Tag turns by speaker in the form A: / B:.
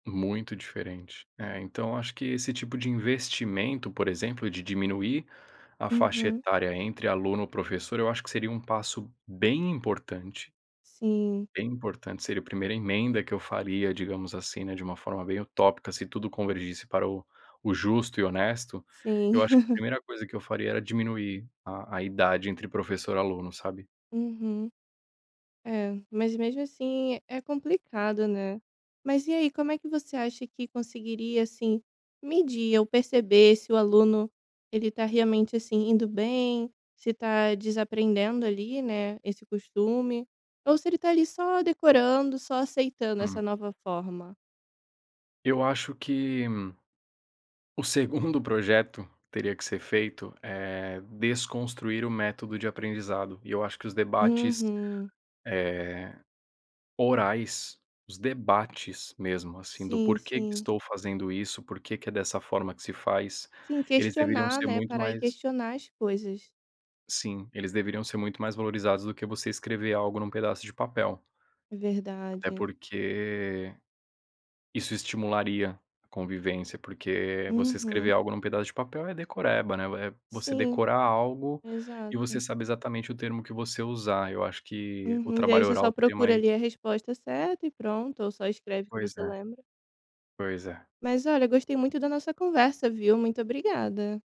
A: Muito diferente. É, então, acho que esse tipo de investimento, por exemplo, de diminuir a faixa
B: Uhum.
A: etária entre aluno professor, eu acho que seria um passo bem importante.
B: Sim.
A: Bem importante, seria a primeira emenda que eu faria, digamos assim, né, de uma forma bem utópica. Se tudo convergisse para o o justo e honesto, eu
B: Sim.
A: acho que a primeira coisa que eu faria era diminuir a a idade entre professor aluno, sabe?
B: Uhum. É, mas mesmo assim é complicado, né. Mas e aí, como é que você acha que conseguiria, assim, medir ou perceber se o aluno ele tá realmente assim indo bem, se tá desaprendendo ali, né, esse costume, ou se ele tá ali só decorando, só aceitando essa
A: Hum.
B: nova forma?
A: Eu acho que o segundo projeto teria que ser feito é desconstruir o método de aprendizado. E eu acho que os debates,
B: Uhum.
A: eh, orais, os debates mesmo, assim, do
B: Sim,
A: porquê que
B: sim.
A: estou fazendo isso, porquê que é dessa forma que se faz,
B: Sim,
A: eles deveriam
B: questionar,
A: ser
B: né.
A: muito
B: Parar e
A: mais
B: questionar as coisas.
A: Sim, eles deveriam ser muito mais valorizados do que você escrever algo num pedaço de papel.
B: É
A: Até
B: verdade.
A: porque isso estimularia a convivência, porque você escrever
B: Uhum.
A: algo num pedaço de papel é decoreba né, é você
B: Sim,
A: decorar algo e você
B: exato.
A: sabe exatamente o termo que você usar. Eu acho que o
B: Uhum, daí
A: trabalho
B: você só
A: oral seria
B: procura
A: mais
B: ali a resposta certa e pronto ou só escreve que
A: Pois
B: você
A: é.
B: lembra.
A: Pois é.
B: Mas olha, eu gostei muito da nossa conversa, viu. Muito obrigada.